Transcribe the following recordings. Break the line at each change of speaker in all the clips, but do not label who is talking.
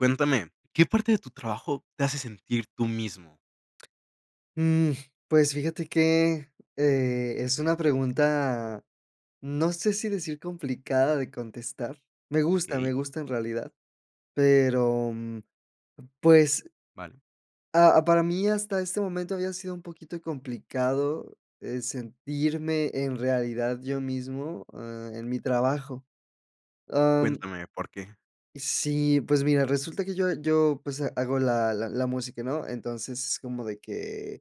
Cuéntame, ¿qué parte de tu trabajo te hace sentir tú mismo?
Mm, pues fíjate que, eh, es una pregunta, no sé si decir complicada de contestar Me gusta,
Okey.
me gusta en realidad, pero pues
Vale.
ah, para mí hasta este momento había sido un poquito complicado, eh, sentirme en realidad yo mismo, eh, en mi trabajo, am
Cuéntame, ¿por qué?
Sí, pues mira, resulta que yo yo pues hago la la la música, ¿no?, entonces es como de que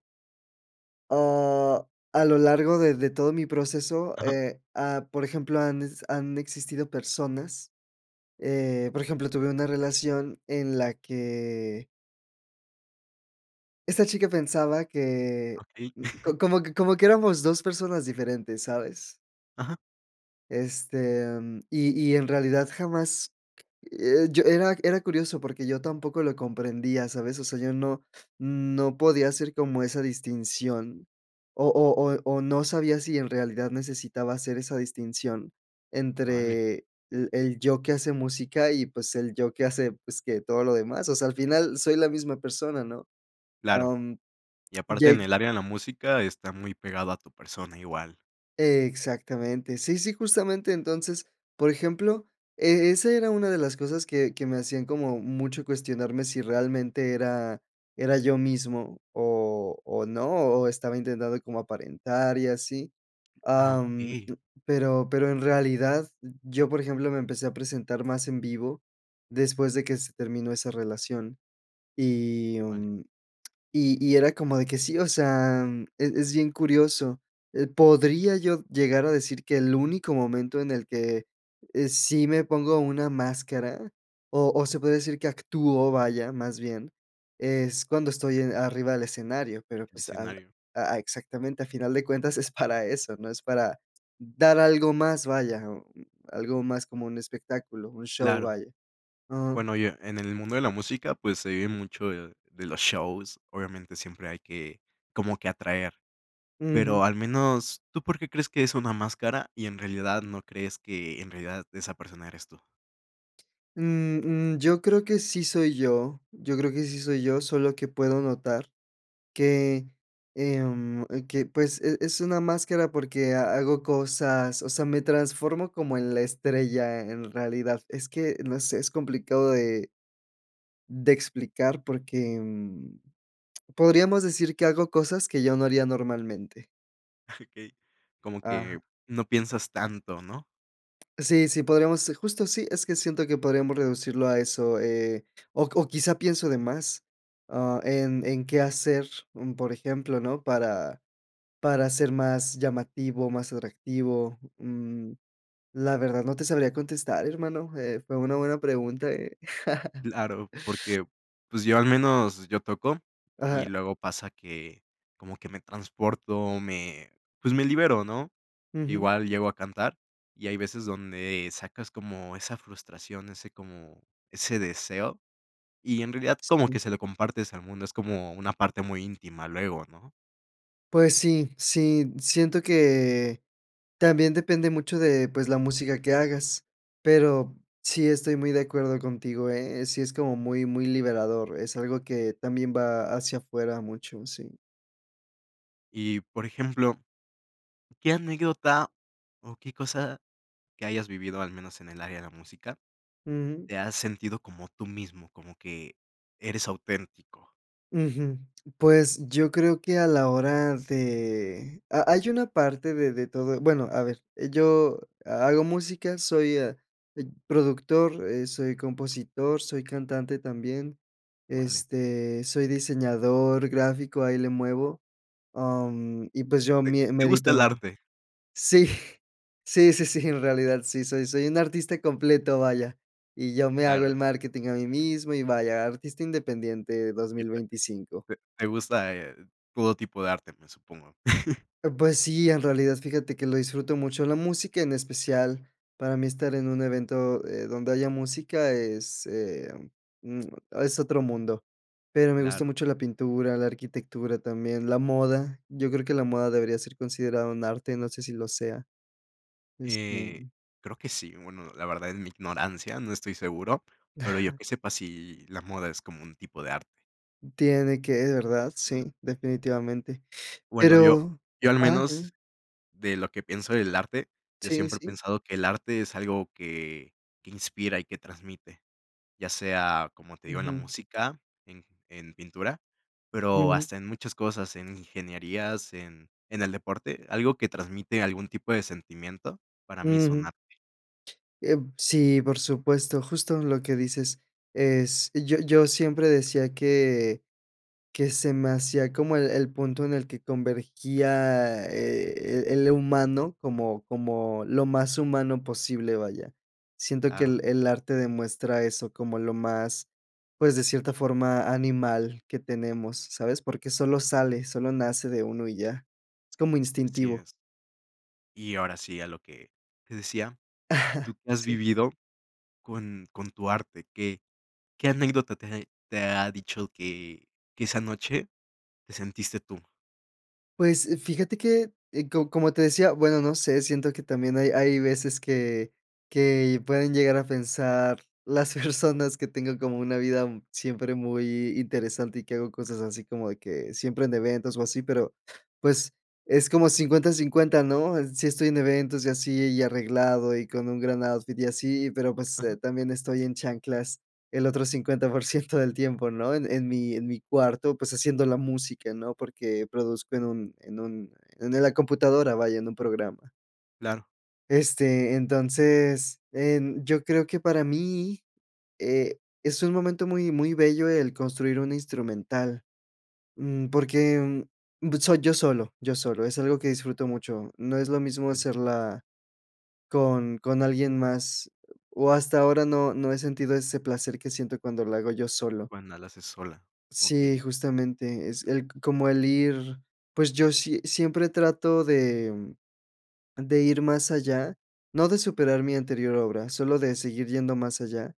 ah, a lo largo de de todo mi proceso,
Ajá.
eh ah, por ejemplo, han han existido personas, eh, por ejemplo, tuve una relación en la que esta chica pensaba que
Okey.
como que como que éramos dos personas diferentes, ¿sabes?
Ajá.
Este, em, y y en realidad jamás, eh, yo era era curioso porque yo tampoco lo comprendía, ¿sabes? O sea, yo no, no podía hacer como esa distinción o o o o no sabía si en realidad necesitaba hacer esa distinción
Vale.
entre l el yo que hace música, y pues el yo que hace pues que todo lo demás, o sea, al final soy la misma persona, ¿no?,
Claro.
am,
Y aparte en
ye
el área de la música está muy pegado a tu persona igual.
Exactamente. Sí, sí, justamente. Entonces, por ejemplo, eh, esa era una de las cosas que que me hacían como mucho cuestionarme si realmente era era yo mismo o o no, o estaba intentando como aparentar y así.
Ah,
Am,
okey.
pero pero en realidad, yo, por ejemplo, me empecé a presentar más en vivo, después de que se terminó esa relación, y,
Vale.
mm, y y era como de que sí, o sea, es es bien curioso, eh, podría yo llegar a decir que el único momento en el que, eh, sí me pongo una máscara, o o se puede decir que actúo, vaya, más bien, es cuando estoy en arriba del escenario, pero,
El
pues, al
escenario.
a a exactamente. Al final de cuentas, es para eso, ¿no?, es para dar algo más, vaya, o algo más como un espectáculo, un show,
Claro.
vaya. Am
Bueno, y e en el mundo de la música, pues, se vive mucho de de los shows. Obviamente, siempre hay que como que atraer.
Ujú.
Pero al menos, ¿tú por qué crees que es una máscara? ¿Y en realidad no crees que, en realidad, esa persona eres tú?
Mm, mm, yo creo que sí soy yo, yo creo que sí soy yo, solo que puedo notar que, em, eh, que pues e es una máscara porque ha hago cosas, o sea, me transformo como en la estrella, en realidad, es que, no sé, es complicado de de explicar porque, mm, podríamos decir que hago cosas que yo no haría normalmente.
Okey, como
Ajá.
que, no piensas tanto, ¿no?
Sí, sí, podríamos, eh, justo, sí, es que siento que podríamos reducirlo a eso, eh, o o quizás pienso de más, ah, en en qué hacer, mm, por ejemplo, ¿no?, para para ser más llamativo, más atractivo, mm, la verdad no te sabría contestar, hermano, eh, fue una buena pregunta, ¿eh?
Claro, porque, pues yo al menos, yo toco y
Ajá.
luego pasa que, como que me transporto, me pues me libero, ¿no?,
Ujú.
igual llego a cantar y hay veces donde sacas como esa frustración, ese como, ese deseo y en realidad, como
Sí.
que se lo compartes al mundo, es como una parte muy íntima, luego, ¿no?
Pues sí, sí, siento que también depende mucho de pues la música que hagas, pero sí estoy muy de acuerdo contigo, ¿eh?, sí, es como muy, muy liberador, es algo que también va hacia afuera, mucho, sí.
Y, por ejemplo, ¿qué anécdota o qué cosa que hayas vivido, al menos en el área de la música,
Ujú.
te has sentido como tú mismo, como que eres auténtico?
Ujú. Pues yo creo que a la hora de ha hay una parte de de todo Bueno, a ver, yo ha hago música, soy, eh, productor, eh, soy compositor, soy cantante también,
Vale.
este, soy diseñador gráfico, ahí le muevo, am, y pues yo
Te
mie
te
medito.
gusta el arte.
Sí, sí, sí, sí, en realidad sí, soy soy un artista completo, vaya, y yo me hago
Claro.
el marketing a mí mismo y vaya, artista independiente, dos
Y
mil
te
veinticinco.
te te gusta, eh, todo tipo de arte, me supongo.
Eh, pues sí, en realidad fíjate que lo disfruto mucho, la música en especial para mí estar en un evento, eh, donde haya música es, eh, mm es otro mundo, pero me gusta
Claro.
mucho la pintura, la arquitectura, también la moda. Yo creo que la moda debería ser considerada un arte, no sé si lo sea. Este
Eh, creo que sí, bueno, la verdad, en mi ignorancia, no estoy seguro, pero yo que sepa sí, la moda es como un tipo de arte.
Tiene que, de verdad, sí, definitivamente.
Bueno, yo
Pero
yo al
ajá,
menos
dime.
de lo que pienso del arte, yo
Sí,
siempre he
sí.
pensado que el arte es algo que que inspira y que transmite, ya sea, como te digo, en la
Ujú.
música, en en pintura, pero
Ujú.
hasta en muchas cosas, en ingenierías, en en el deporte, algo que transmite algún tipo de sentimiento, para mí es un
Ujú.
arte.
Eh, sí, por supuesto. Justo lo que dices es yo yo siempre decía que que se me hacía como el el punto en el que convergía, eh, el el humano como como lo más humano posible, vaya. Siento que
Claro.
el el arte demuestra eso, como lo más, pues, de cierta forma, animal que tenemos, ¿sabes?, porque solo sale, solo nace de uno y ya, es como
Así
instintivo.
es. Y ahora sí, a lo que te decía, ¿tú que has
Sí.
vivido con con tu arte? ¿Qué qué anécdota te ha e te ha dicho que que esa noche te sentiste tú?
Pues fíjate que, eh, co como te decía, bueno, no sé, siento que también hay hay veces que que pueden llegar a pensar las personas que tengo como una vida siempre muy interesante y que hago cosas así como de que siempre en eventos o así, pero pues es como 50/50, ¿no?, eh, sí estoy en eventos y así y arreglado y con un gran outfit y así, pero pues,
Ajá.
eh, también estoy en chanclas el otro 50% del tiempo, ¿no?, en en mi en mi cuarto, pues haciendo la música, ¿no?, porque produzco en un en un en el la computadora vaya, en un programa.
Claro.
Este, entonces, en yo creo que para mí, eh, es un momento muy, muy bello el construir un instrumental, mm, porque, mm, soy yo solo, yo solo es algo que disfruto mucho, no es lo mismo
Vale.
hacerla con con alguien más o hasta ahora no no he sentido ese placer que siento cuando lo hago yo solo.
Cuando la haces sola.
Sí,
Okey.
justamente es el como el ir, pues yo si siempre trato de, mm de ir más allá, no de superar mi anterior obra, solo de seguir yendo más allá,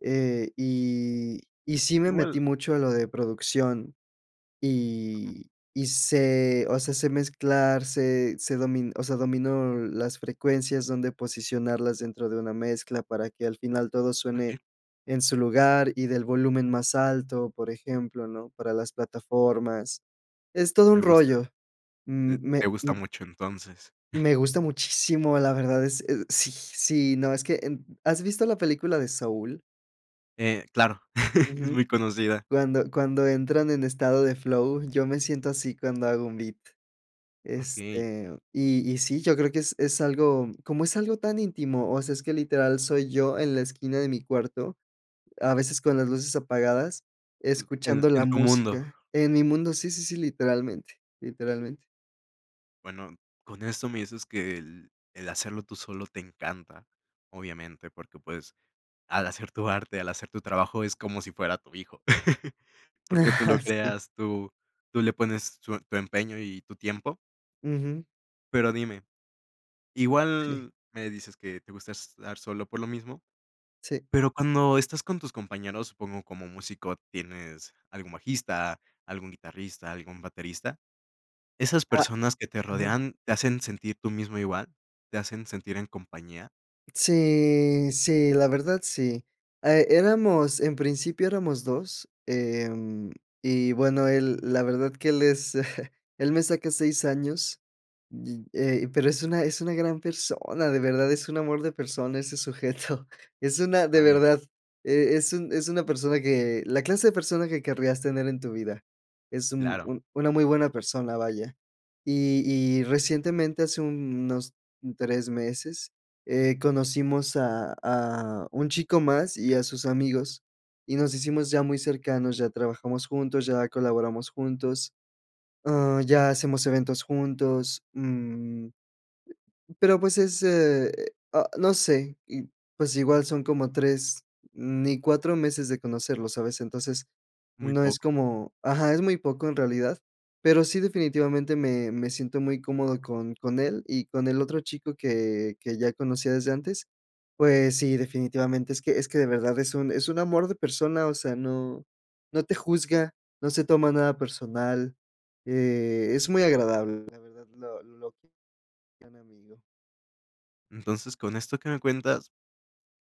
eh, y y sí me
Igual
metí mucho a lo de producción
Ajá.
y y sé o sea, sé mezclar sé sé domi o sea, domino las frecuencias dónde posicionarlas dentro de una mezcla para que al final todo suene
Okey.
en su lugar y del volumen más alto, por ejemplo, ¿no?, para las plataformas, es todo un
Te gusta.
rollo,
Te
m me
te gusta
m
mucho entonces.
Me gusta muchísimo, la verdad es eh sí sí no, es que en ¿has visto la película de Saúl?
Eh, claro, es
Ujú,
muy conocida.
cuando cuando entran en estado de flow, yo me siento así, cuando hago un beat,
Okey.
este, y y sí, yo creo que es es algo como es algo tan íntimo, o sea, es que literal soy yo en la esquina de mi cuarto, a veces con las luces apagadas
Pu en
escuchando la
en tu mundo.
música en mi mundo Sí, sí, sí, literalmente, literalmente.
Bueno, con eso me dices que el el hacerlo tú solo te encanta, obviamente porque, pues, al hacer tu arte al hacer tu trabajo es como si fuera tu hijo, porque tú lo
Sí.
creas, tú tú le pones tu tu empeño y tu tiempo.
Ujú.
Pero dime,
Sí.
igual me dices que te gusta estar solo, por lo mismo,
Sí.
pero cuando estás con tus compañeros, supongo, como músico, tienes algún bajista, algún guitarrista, algún baterista, ¿esas
Ah
personas que te
Ajá.
rodean, te hacen sentir tú mismo igual?, ¿te hacen sentir en compañía?
Sí, sí, la verdad sí ah, eh, éramos en principio éramos 2, em, y bueno, él la verdad que él es él me saca 6 años, y, eh, pero es una, es una gran persona, de verdad es un amor de persona, ese sujeto es una de
Vale.
verdad, e es un, es una persona que la clase de persona que querrías tener en tu vida, es un
Claro.
un una muy buena persona, vaya, y y recientemente, hace unos 3 meses, eh, conocimos a a un chico más y a sus amigos y nos hicimos ya muy cercanos, ya trabajamos juntos, ya colaboramos juntos, ah, ya hacemos eventos juntos, mm pero, pues es, eh, ah no sé y, pues, igual son como 3, ni 4 meses de conocerlo, ¿sabes?, entonces
Muy
no es
poco.
como ajá, es muy poco en realidad, pero sí, definitivamente me me siento muy cómodo con con él y con el otro chico que que ya conocía desde antes. Pues sí, definitivamente es que es que de verdad es un es un amor de persona, o sea, no no te juzga, no se toma nada personal, eh, es muy
Claro.
agradable, la verdad, lo lo, qui gran amigo.
Entonces, con esto que me cuentas,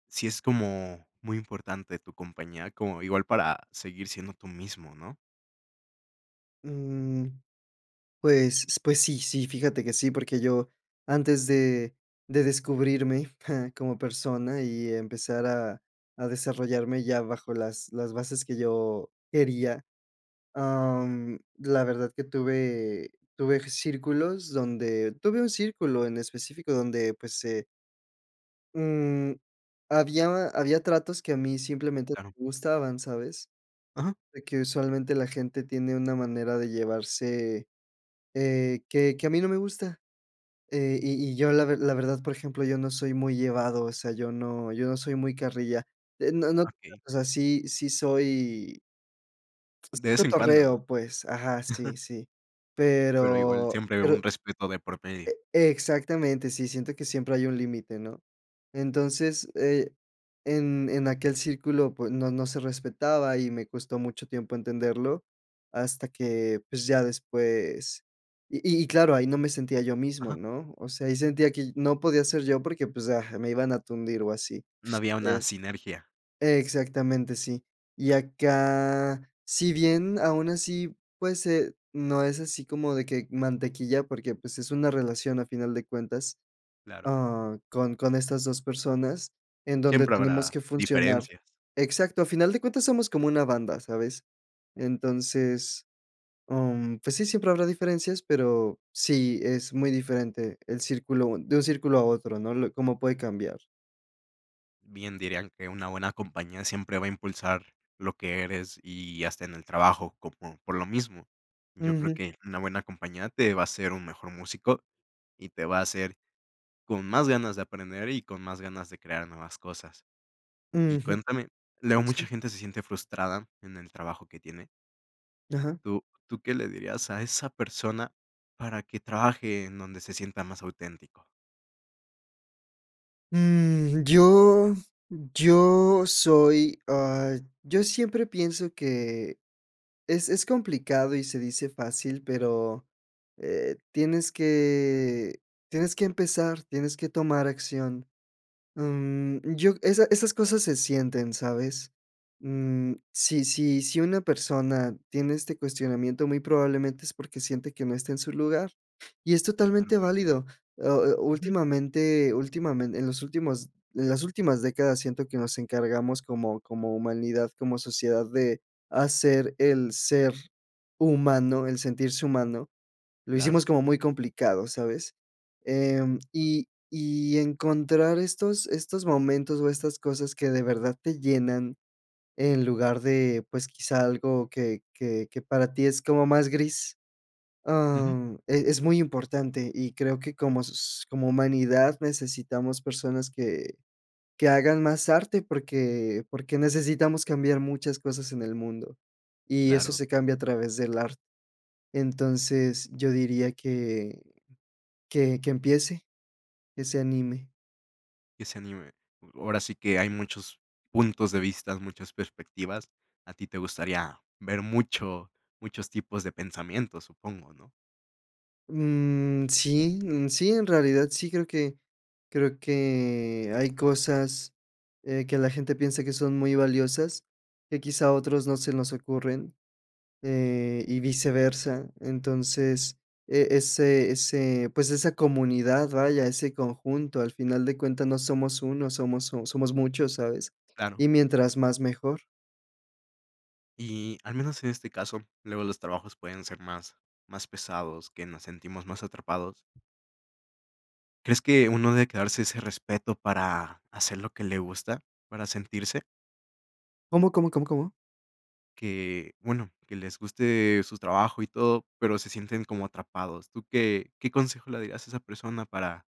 sí es como muy importante tu compañía, como igual, para seguir siendo tú mismo, ¿no?
Mm, pues pues, sí sí, fíjate que sí, porque yo, antes de de descubrirme como persona, y empezar a a desarrollarme, ya bajo las las bases que yo quería. Am, la verdad, que tuve tuve círculos, donde Tuve un círculo en específico, donde pues, se mm, había había tratos, que a mí, simplemente,
Claro
me gustaban, ¿sabes?
Ajá.
De que usualmente, la gente tiene una manera de llevarse, eh, que que a mí no me gusta. Eh, y y yo la ver la verdad, por ejemplo, yo no soy muy llevado, o sea, yo no yo no soy muy carrilla. Eh, no no [unintelligible]
Okey.
O sea, sí sí soy pues,
De vez en cuando, ¿no?
cotorreo, pues. Ajá. Sí, sí.
Pero, igual,
Pero
siempre un
pero
respeto de por medio.
E-exactamente. Sí, siento que siempre hay un límite, ¿no? Entonces, eh, en en aquel círculo, pues no no se respetaba. Y me costó mucho tiempo entenderlo, hasta que pues, ya después Y y claro, ahí no me sentía yo mismo,
Ajá.
¿no? O sea, ahí sentía que y no podía ser yo, porque pues, ah, me iban a tundir, o así.
No había una
Es
sinergia.
Exactamente, sí. Y acá, si bien, aún así, pues, eh, no es así como de que mantequilla, porque pues, es una relación, a final de cuentas.
Claro.
Ah, con con estas dos personas, en donde
Siempre
tenemos
habrá
que funcionar
diferencias.
Exacto. A final de cuentas, somos como una banda, ¿sabes? Entonces, am, pues sí, siempre habrá diferencias, pero sí es muy diferente, el círculo de un círculo a otro, ¿no? Lo cómo puede cambiar.
Bien dirían que una buena compañía siempre va a impulsar lo que eres y hasta en el trabajo como por lo mismo. Yo creo
Ujú.
que una buena compañía te va a hacer un mejor músico y te va a hacer con más ganas de aprender y con más ganas de crear nuevas cosas. Y
Ujú.
cuéntame, luego mucha
Sí.
gente se siente frustrada en el trabajo que tiene
Ajá.
¿Tú tú qué le dirías a esa persona para que trabaje en donde se sienta más auténtico?
Mm, yo mm, yo soy ah, yo siempre pienso que es es complicado y se dice fácil, pero, eh, tienes que tienes que empezar, tienes que tomar acción. Mm, yo esa esas cosas se sienten, ¿sabes? Mm, si si si una persona tiene este cuestionamiento, muy probablemente es porque siente que no está en su lugar y es
Claro.
totalmente válido. Oh oh,
Ujú.
últimamente últimamen en los últimos en las últimas décadas, siento que nos encargamos como como humanidad, como sociedad, de hacer el ser humano, el sentirse humano, lo
Claro.
hicimos como muy complicado, ¿sabes? Em, y y encontrar estos estos momentos o estas cosas que de verdad te llenan, en lugar de, pues, quizá algo que que que para ti es como más gris,
Ujú.
am, eh, es muy importante y creo que como sos como humanidad, necesitamos personas que que hagan más arte, porque porque necesitamos cambiar muchas cosas en el mundo y eso
Claro.
se cambia a través del arte. Entonces, yo diría que que que empiece, que se anime.
Es anime, ahora sí que hay muchos puntos de vista, muchas perspectivas, a ti te gustaría ver mucho muchos tipos de pensamientos, supongo, ¿no?
Mm, sí mm, sí, en realidad sí, creo que creo que hay cosas, eh, que la gente piensa que son muy valiosas, que quizá otros no se nos ocurren, eh, y viceversa, entonces, eh, ese ese pues esa comunidad, vaya, ese conjunto al final de cuentas no somos uno, somos somos muchos, ¿sabes?
Claro.
Y mientras más, mejor.
Y al menos en este caso, luego los trabajos pueden ser más más pesados que nos sentimos más atrapados. ¿Crees que uno debe quedarse ese respeto para hacer lo que le gusta? ¿Para sentirse?
¿Cómo, cómo, cómo, cómo?
Que bueno, que les guste su trabajo y todo, pero se sienten como atrapados, ¿tú qué qué consejo le darías a esa persona para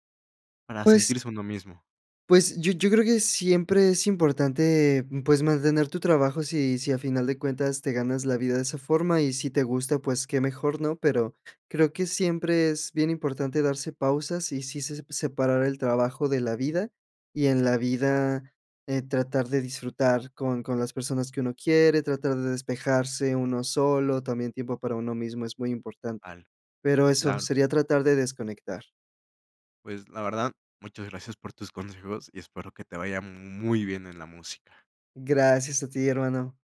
para
Pues
sentirse uno mismo?
Pues, yo yo creo que siempre es importante, pues, mantener tu trabajo, si si, a final de cuentas te ganas la vida de esa forma y si te gusta, pues qué mejor, ¿no?, pero creo que siempre es bien importante darse pausas y sí se separar el trabajo de la vida y en la vida, eh, tratar de disfrutar con con las personas que uno quiere, tratar de despejarse uno solo, también tiempo para uno mismo es muy importante,
Vale,
pero eso
claro.
sería tratar de desconectar.
Pues la verdad, muchas gracias por tus consejos y espero que te vaya muy bien en la música.
Gracias a ti, hermano.